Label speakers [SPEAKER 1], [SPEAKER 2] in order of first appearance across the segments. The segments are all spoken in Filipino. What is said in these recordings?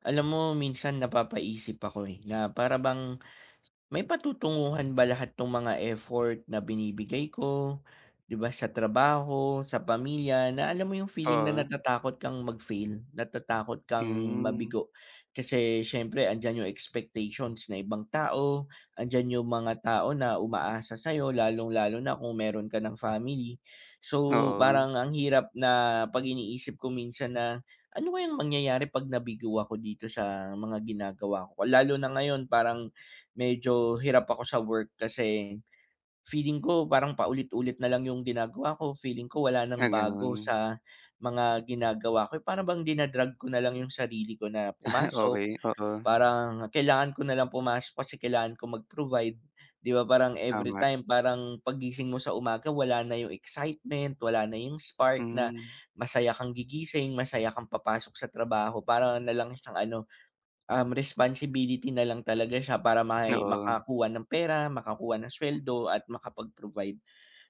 [SPEAKER 1] Alam mo minsan napapaisip ako, eh, na para bang may patutunguhan ba lahat 'tong mga effort na binibigay ko. 'Di ba sa trabaho, sa pamilya, na alam mo yung feeling na
[SPEAKER 2] Oh.
[SPEAKER 1] natatakot kang mag-fail, natatakot kang
[SPEAKER 2] Hmm.
[SPEAKER 1] mabigo kasi syempre andiyan yung expectations na ibang tao, andiyan yung mga tao na umaasa sayo lalong lalo na kung meron ka ng family. So,
[SPEAKER 2] Oo.
[SPEAKER 1] parang ang hirap na, 'pag iniisip ko minsan na, ano kayang mangyayari 'pag nabigo ako dito sa mga ginagawa ko. Lalo na ngayon parang medyo hirap ako sa work, kasi feeling ko parang paulit-ulit nalang yung ginagawa ko, feeling ko wala nang
[SPEAKER 2] Ah,
[SPEAKER 1] bago
[SPEAKER 2] ganon.
[SPEAKER 1] sa mga ginagawa ko, or para bang dina-drag ko nalang yung sarili ko na pumasok.
[SPEAKER 2] Okey, oo.
[SPEAKER 1] Parang kailangan ko nalang pumasok kasi kailangan ko mag-provide 'di ba, parang
[SPEAKER 2] Tama.
[SPEAKER 1] everytime parang 'pag gising mo sa umaga wala na yung excitement, wala na yung spark na
[SPEAKER 2] Mhm.
[SPEAKER 1] masaya kang gigising, masaya kang papasok sa trabaho, parang nalang siyang ano, um, responsibility nalang talaga siya para may
[SPEAKER 2] Oo.
[SPEAKER 1] makakuha ng pera, makakuha ng sweldo at makapag-provide.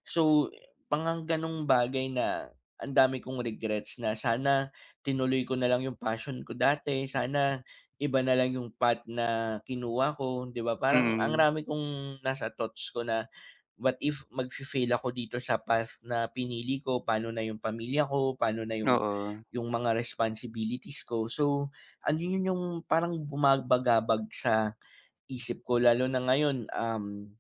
[SPEAKER 1] So, parang gano'ng bagay na, ang dami kong regrets, na sana tinuloy ko nalang yung passion ko dati, sana iba nalang yung path na kinuha ko 'di ba, parang ang
[SPEAKER 2] Mm.
[SPEAKER 1] rami kong nasa thoughts ko na what if magfi-fail ako dito sa path na pinili ko, pa'no na yung pamilya ko, pa'no na yung
[SPEAKER 2] Oo.
[SPEAKER 1] yung mga responsibilities ko? So, ano yun yung parang bumabagabag sa isip ko, lalo na ngayon, um,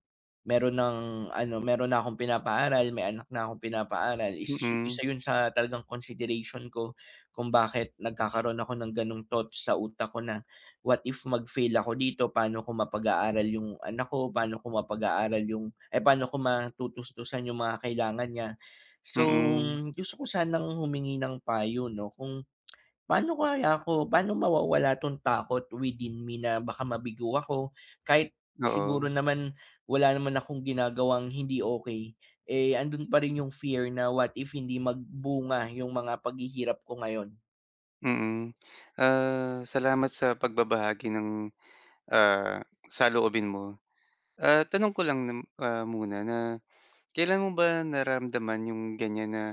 [SPEAKER 1] meron ng ano, meron na akong pinapaaral may anak na akong pinapaaral. Is
[SPEAKER 2] Mhm.
[SPEAKER 1] isa yun sa talagang consideration ko kung bakit nagkakaroon ako ng gano' ng thoughts sa utak ko na, what if mag-fail ako dito pa'no ko mapag-aaral yung anak ko, pa'no ko mapag-aaral yung ay pa'no ko matutustusan yung mga kailangan niya. So,
[SPEAKER 2] Mm.
[SPEAKER 1] gusto ko sanang humingi ng payo 'no kung, pa'no kaya ako pa'no mawawala 'tong takot within me, na baka mabigo ako kahit siguro
[SPEAKER 2] Oo.
[SPEAKER 1] naman, wala naman akong ginagawang hindi okey, eh, andun pa rin yung fear na what if hindi magbunga yung mga paghihirap ko ngayon?
[SPEAKER 2] Mm, ah, salamat sa pagbabahagi ng, ah, saloobin mo. Ah, tanong ko lang nam ah, muna na kailan mo ba naramdaman 'yong ganyan, na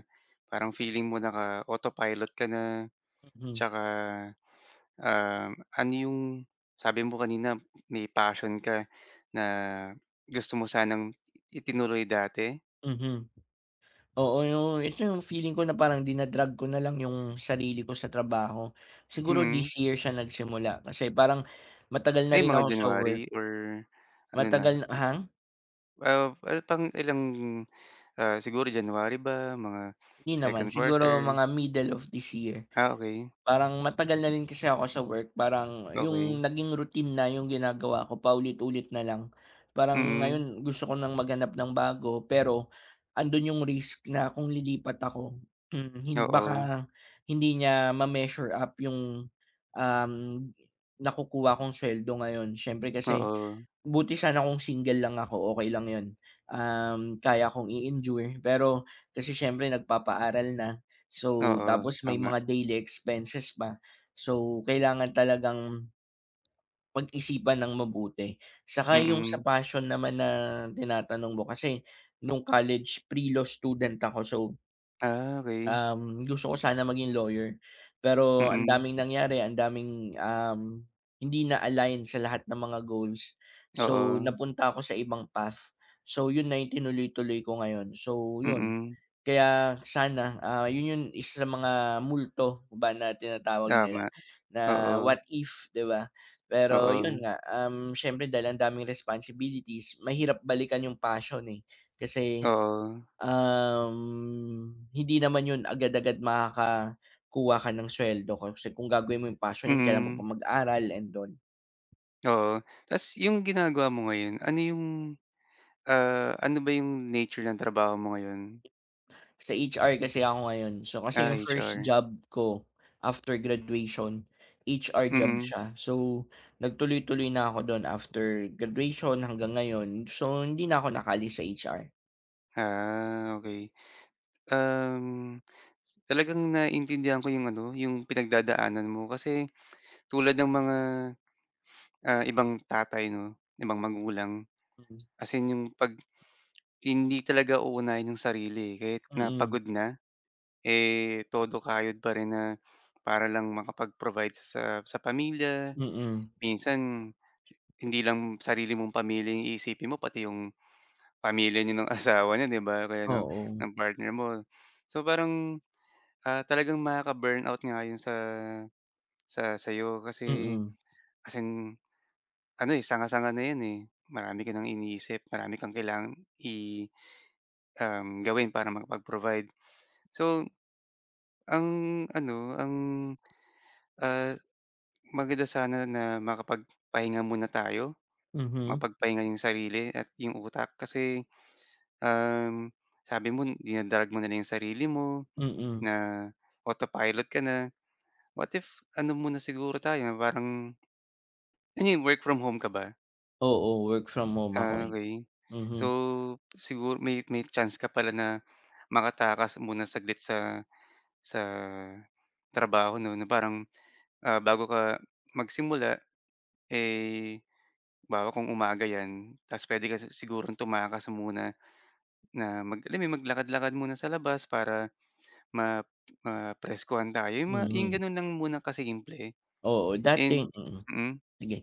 [SPEAKER 2] parang feeling mo naka-autopilot ka na
[SPEAKER 1] Mhm.
[SPEAKER 2] tsaka, ah, ano yung, sabi mo kanina, may passion ka na gusto mo sanang itinuloy dati?
[SPEAKER 1] Mhm, oo yung ito yung feeling ko na parang dina-drag ko nalang yung sarili ko sa trabaho, siguro
[SPEAKER 2] Mhm.
[SPEAKER 1] this year siya nagsimula kasi parang matagal na
[SPEAKER 2] Ay
[SPEAKER 1] rin
[SPEAKER 2] mga
[SPEAKER 1] ako sa
[SPEAKER 2] January
[SPEAKER 1] work.
[SPEAKER 2] or ano na?
[SPEAKER 1] Matagal
[SPEAKER 2] Ah.
[SPEAKER 1] hang?
[SPEAKER 2] Ah, ay, pang-ilang, ah, siguro January ba mga
[SPEAKER 1] Hindi naman
[SPEAKER 2] 2nd
[SPEAKER 1] siguro
[SPEAKER 2] quarter?
[SPEAKER 1] mga middle of this year.
[SPEAKER 2] Ah, okey.
[SPEAKER 1] Parang matagal na rin kasi ako sa work, parang
[SPEAKER 2] Okey
[SPEAKER 1] yung naging routine na yung ginagawa ko, paulit-ulit na lang parang
[SPEAKER 2] Mm.
[SPEAKER 1] ngayon gusto ko nang maghanap ng bago. Pero andun yung risk na kung lilipat ako, mhm, hin
[SPEAKER 2] Oo.
[SPEAKER 1] baka hindi niya ma-measure up yung, um, nakukuha kong sweldo ngayon syempre kasi
[SPEAKER 2] Oo.
[SPEAKER 1] buti sana kung single lang ako okey lang yun, um, kaya kong i-endure pero kasi syempre nagpapaaral na so,
[SPEAKER 2] Oo,
[SPEAKER 1] tapos may
[SPEAKER 2] tama.
[SPEAKER 1] mga daily expenses pa so kailangan talagang pag-isipan nang mabuti, 'saka yung sa
[SPEAKER 2] Mm.
[SPEAKER 1] passion naman na tinatanong mo kasi nung college pre-law student ako, so.
[SPEAKER 2] Ah, okey.
[SPEAKER 1] Um, gusto ko sana maging lawyer. Pero ang
[SPEAKER 2] Mm.
[SPEAKER 1] daming nangyari, ang daming, um, hindi na-align sa lahat ng mga goals, so
[SPEAKER 2] Oo.
[SPEAKER 1] napunta ako sa ibang path. So 'yun na 'yung tinuloy-tuloy ko ngayon. So 'yon.
[SPEAKER 2] Mm.
[SPEAKER 1] Kaya sana, ah, yun 'yung isa sa mga multo ba na tinatawag nila,
[SPEAKER 2] Tama.
[SPEAKER 1] na
[SPEAKER 2] Oo.
[SPEAKER 1] what if, 'di ba. Pero 'yun
[SPEAKER 2] Oo.
[SPEAKER 1] nga, um, siyempre dahil ang daming responsibilities, mahirap balikan 'yung passion, eh. Kasi,
[SPEAKER 2] Oo.
[SPEAKER 1] um, hindi naman 'yun agad-agad makakakuha ka ng suweldo, kasi kung gagawin mo 'yung passion kailangan mo pa
[SPEAKER 2] Mm.
[SPEAKER 1] mag-aral and all.
[SPEAKER 2] Oo, ta's 'yung ginagawa mo ngayon, ano 'yung, ah, ano ba 'yung nature ng trabaho mo ngayon?
[SPEAKER 1] Sa HR kasi ako ngayon. So kasi
[SPEAKER 2] Ah,
[SPEAKER 1] 'yung first
[SPEAKER 2] HR.
[SPEAKER 1] job ko after graduation, HR job
[SPEAKER 2] Mm.
[SPEAKER 1] siya. So, nagtuloy-tuloy na ako dun after graduation hanggang ngayon, so hindi na ako nakaalis sa HR.
[SPEAKER 2] Ah, okey. Um, talagang naintindihan ko 'yong ano 'yong pinagdadaanan mo, kasi tulad ng mga, ah, ibang tatay 'no, ibang magulang,
[SPEAKER 1] Mm.
[SPEAKER 2] as in 'yong 'pag, hindi talaga uunahin 'yong sarili, eh, kahit na
[SPEAKER 1] Mm.
[SPEAKER 2] pagod na, eh, todo kayod pa rin na, para lang makapag-provide sa sa pamilya.
[SPEAKER 1] Mm.
[SPEAKER 2] Minsan hindi lang sarili mong pamilya 'yong iisipin mo, pati 'yong pamilya niyo ng asawa niyo, 'di ba, o kaya ng
[SPEAKER 1] Oo.
[SPEAKER 2] ng partner mo. So parang, ah, talagang makaka-burnout nga 'yon sa sa sa'yo, kasi
[SPEAKER 1] Mm.
[SPEAKER 2] as in ano, eh, sanga-sanga na yun, eh, marami ka ng iniisip, marami kang kailangan i um, gawin para makapag-provide. So, ang ano, ang, ah, maganda sana na makapag pahinga muna tayo,
[SPEAKER 1] Mhm.
[SPEAKER 2] mapagpahinga 'yong sarili at 'yong utak kasi, um, sabi mo dina-drag mo na lang 'yong sarili mo,
[SPEAKER 1] Mm.
[SPEAKER 2] na autopilot ka na. What if ano muna siguro tayo, parang Ano yun, work from home ka ba?
[SPEAKER 1] Oo, work from home ako,
[SPEAKER 2] Ah,
[SPEAKER 1] eh.
[SPEAKER 2] okey. So
[SPEAKER 1] Mhm.
[SPEAKER 2] siguro may may chance ka pala na makatakas muna saglit sa sa trabaho 'no, na parang, ah, bago ka magsimula eh, 'bawa kong umaga 'yan, ta's puwede ka si sigurong tumakas muna na mag alam mo 'yun, maglakad-lakad muna sa labas para ma mapreskuhan ka. 'Yung ma 'yung
[SPEAKER 1] Mhm.
[SPEAKER 2] gano'n lang muna ka simple
[SPEAKER 1] Oo, dating
[SPEAKER 2] and
[SPEAKER 1] mm,
[SPEAKER 2] mm.
[SPEAKER 1] sige.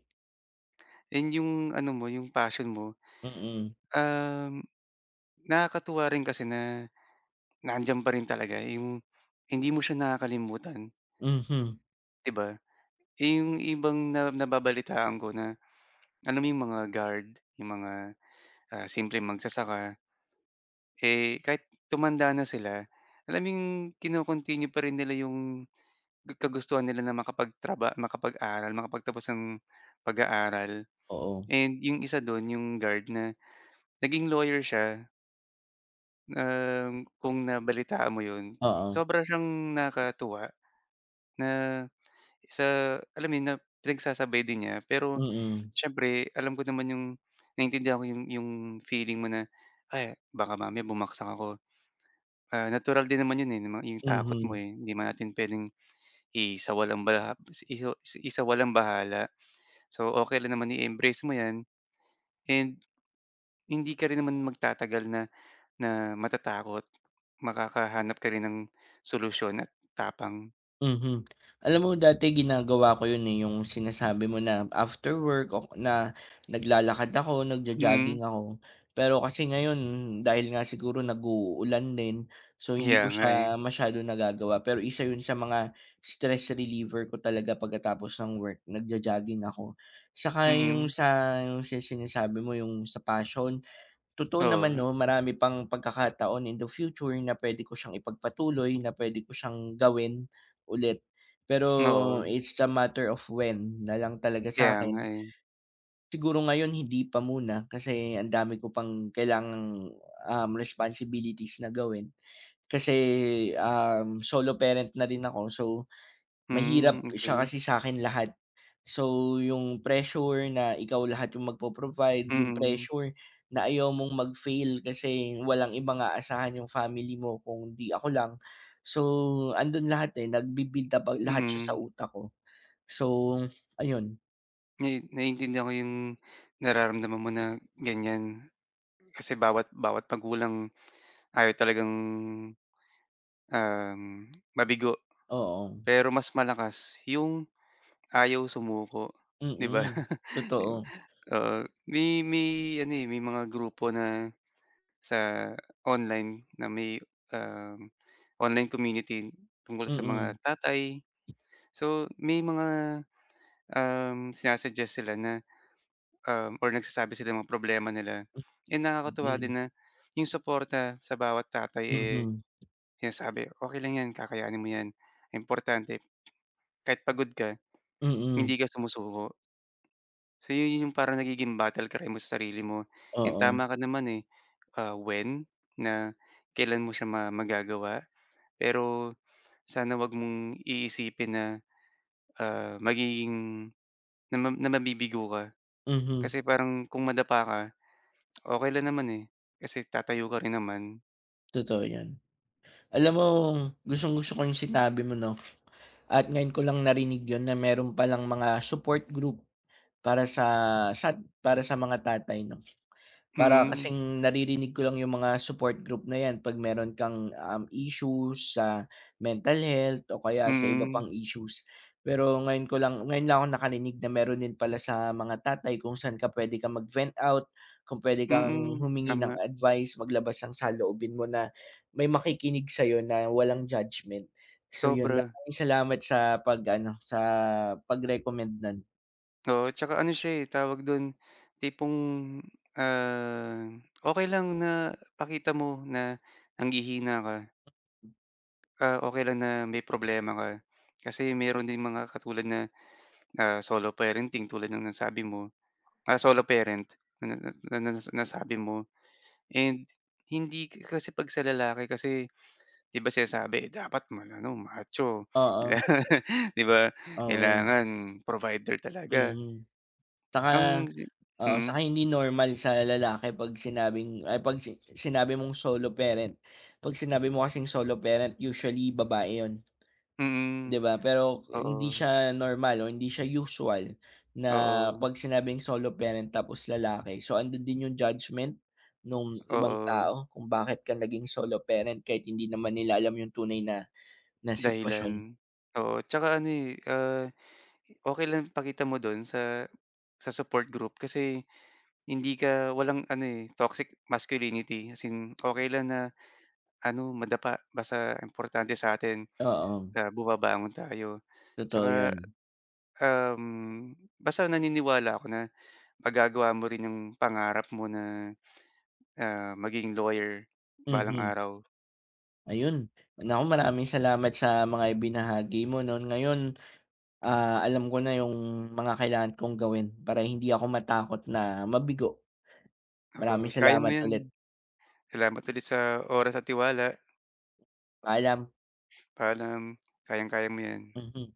[SPEAKER 2] And 'yung ano mo, 'yung passion mo,
[SPEAKER 1] Mm.
[SPEAKER 2] um, nakakatuwa rin kasi na na andiyan pa rin talaga 'yung hindi mo siya nakakalimutan.
[SPEAKER 1] Mhm.
[SPEAKER 2] 'Di ba, 'yung ibang na nababalitaan ko na, alam mo 'yung mga guard, 'yung mga, ah, simpleng magsasaka. Eh, kahit tumanda na sila, alam mo 'yung kino-continue pa rin nila 'yung kagustuhan nila na makapagtraba makapag-aral, makapagtapos ng pag-aaral
[SPEAKER 1] Oo.
[SPEAKER 2] and 'yung isa do'n 'yung guard na naging lawyer siya. Na kung nabalitaan mo yun,
[SPEAKER 1] Oo.
[SPEAKER 2] sobra siyang nakakatuwa, na sa alam mo yun na pinagsasabay din niya pero,
[SPEAKER 1] Mm.
[SPEAKER 2] siyempre alam ko naman yung naiintindihan ko yung yung feeling mo na ay baka mamaya bumagsak ako. Ah, natural din naman 'yon, eh, na mang 'yong takot mo,
[SPEAKER 1] Mhm.
[SPEAKER 2] eh, hindi naman natin puwedeng isawalang-bala is isawalang-bahala so okey lang naman i-embrace mo 'yan and hindi ka rin naman magtatagal na na matatakot, makakahanap ka rin ng solusyon at tapang.
[SPEAKER 1] Mhm, alam mo dati ginagawa ko yun, eh, yung sinasabi mo na after work o na naglalakad ako
[SPEAKER 2] Hmm.
[SPEAKER 1] nagjo-jogging ako. Pero kasi ngayon dahil nga siguro nagu-ulan din so hindi
[SPEAKER 2] Kaya
[SPEAKER 1] ko
[SPEAKER 2] nga eh.
[SPEAKER 1] siya masyadong nagagawa pero isa yun sa mga stress reliever ko talaga pagkatapos ng work nagjo-jogging ako saka yung
[SPEAKER 2] Mm.
[SPEAKER 1] sa yung sa sinasabi mo yung sa passion totoo naman
[SPEAKER 2] Oo.
[SPEAKER 1] no marami pang pagkakataon in the future na pwede ko siyang ipagpatuloy na pwede ko siyang gawin ulit, pero
[SPEAKER 2] Oo.
[SPEAKER 1] it's a matter of when nalang talaga
[SPEAKER 2] Kaya nga
[SPEAKER 1] sa'kin.
[SPEAKER 2] eh.
[SPEAKER 1] Siguro ngayon hindi pa muna kasi ang dami ko pang kailangang, um, responsibilities na gawin kasi, um, solo parent na rin ako so
[SPEAKER 2] Hmm,
[SPEAKER 1] mahirap siya
[SPEAKER 2] okey.
[SPEAKER 1] kasi sakin lahat. So yung pressure na ikaw lahat yung magpo-provide yung
[SPEAKER 2] Mm.
[SPEAKER 1] pressure na ayaw mong mag-fail kasi walang ibang aasahan yung family mo kung di ako lang, so andun lahat, eh, nagbi-build up ang lahat siya sa
[SPEAKER 2] Mhm.
[SPEAKER 1] utak ko, so ayun.
[SPEAKER 2] Ngayon naiintindihan ko yung nararamdaman mo na ganyan, kasi bawat, bawat magulang ayaw talagang, um, mabigo.
[SPEAKER 1] Oo.
[SPEAKER 2] Pero mas malakas yung ayaw sumuko, 'di ba?
[SPEAKER 1] Mm, totoo.
[SPEAKER 2] Oo, may may ano, eh, may mga grupo na, sa online na may, um, online community tungkol sa mga
[SPEAKER 1] Mm.
[SPEAKER 2] tatay. So may mga, um, sina-suggest sila na, um, or nagsasabi sila ng mga problema nila,
[SPEAKER 1] M
[SPEAKER 2] 'yun nakakatuwa
[SPEAKER 1] Okey.
[SPEAKER 2] din na 'yong suporta sa bawat tatay, eh,
[SPEAKER 1] Mhm.
[SPEAKER 2] sinasabi, "Okey lang yan, kakayanin mo yan. Importante kahit pagod ka,
[SPEAKER 1] Mm.
[SPEAKER 2] hindi ka sumusuko." So 'yun yung parang nagiging battle cry mo sa sarili mo, yung
[SPEAKER 1] Oo.
[SPEAKER 2] tama ka naman, eh, ah, when na kailan mo siya ma magagawa. Pero sana huwag mong iisipin na, ah, magiging na ma na mabibigo ka
[SPEAKER 1] Mhm.
[SPEAKER 2] kasi parang kung madapa ka, okey lang naman, eh, kasi tatayo ka rin naman.
[SPEAKER 1] Totoo 'yan. Alam mo gustong gusto ko yung sinabi mo 'no, at ngayon ko lang narinig yun na meron palang mga support group para sa, sa para sa mga tatay 'no. Para
[SPEAKER 2] Mm.
[SPEAKER 1] kasing naririnig ko lang yung mga support group na 'yan 'pag meron kang, um, issues sa mental health o kaya sa iba
[SPEAKER 2] Mm.
[SPEAKER 1] pang issues. Pero ngayon ko lang ngayon lang ako nakarinig na meron din pala sa mga tatay kung saan ka pwede kang mag-vent out, kung pwede kang
[SPEAKER 2] Mm.
[SPEAKER 1] humingi ng
[SPEAKER 2] Tama.
[SPEAKER 1] advice, maglabas ng saloobin mo na may makikinig sa'yo na walang judgment. So, yun
[SPEAKER 2] Sobra.
[SPEAKER 1] maraming salamat sa pag-ano, sa pag-recommend no'n.
[SPEAKER 2] Oo. Tsaka ano siya eh, tawag do'n tipong, ah, okey lang na pakita mo na nanghihina ka. Ah okey lang na may problema ka, kasi meron din mga katulad na, ah, solo parenting tulad ng nasabi mo, ah, solo parent na na na na nas nasabi mo. And hindi ka kasi 'pag sa lalaki kasi, 'di ba sinasabi dapat maano, macho.
[SPEAKER 1] Oo.
[SPEAKER 2] 'Di ba,
[SPEAKER 1] Oo.
[SPEAKER 2] kailangan provider talaga.
[SPEAKER 1] Mhm. Tsaka,
[SPEAKER 2] Ang si
[SPEAKER 1] oo,
[SPEAKER 2] mm?
[SPEAKER 1] saka hindi normal sa lalaki 'pag sinabing ay 'pag si sinabi mong solo parent, 'pag sinabi mo kasing solo parent usually babae 'yon.
[SPEAKER 2] Hmm.
[SPEAKER 1] 'Di ba pero hindi
[SPEAKER 2] Oo.
[SPEAKER 1] siya normal, o hindi siya usual na
[SPEAKER 2] Oo.
[SPEAKER 1] 'pag sinabing solo parent, tapos lalaki, so andun din yung judgement nung ibang
[SPEAKER 2] Oo.
[SPEAKER 1] tao kung bakit ka naging solo parent kahit hindi naman nila alam yung tunay na na sitwasyon.
[SPEAKER 2] Dahilan. Oo tsaka ano eh, ah, okey lang pakita mo do'n sa sa support group kasi hindi ka walang ano eh, toxic masculinity as in okey lang na ano, madapa basta importante sa'tin,
[SPEAKER 1] Oo.
[SPEAKER 2] ah, bumabangon tayo.
[SPEAKER 1] Totoo
[SPEAKER 2] Tsaka,
[SPEAKER 1] yon.
[SPEAKER 2] um, basta naniniwala ako na magagawa mo rin 'yong pangarap mo na, ah, maging lawyer balang
[SPEAKER 1] Mhm.
[SPEAKER 2] araw.
[SPEAKER 1] Ayun! Naku maraming salamat sa mga ibinahagi mo 'no. Ngayon, ah, alam ko na yung mga kailangan kong gawin para hindi ako matakot na mabigo. Maraming
[SPEAKER 2] Oo kaya mo
[SPEAKER 1] salamat
[SPEAKER 2] 'yan.
[SPEAKER 1] ulit.
[SPEAKER 2] Salamat ulit sa oras at tiwala.
[SPEAKER 1] Paalam.
[SPEAKER 2] Paalam. Kayang kaya mo 'yan.
[SPEAKER 1] Mhm.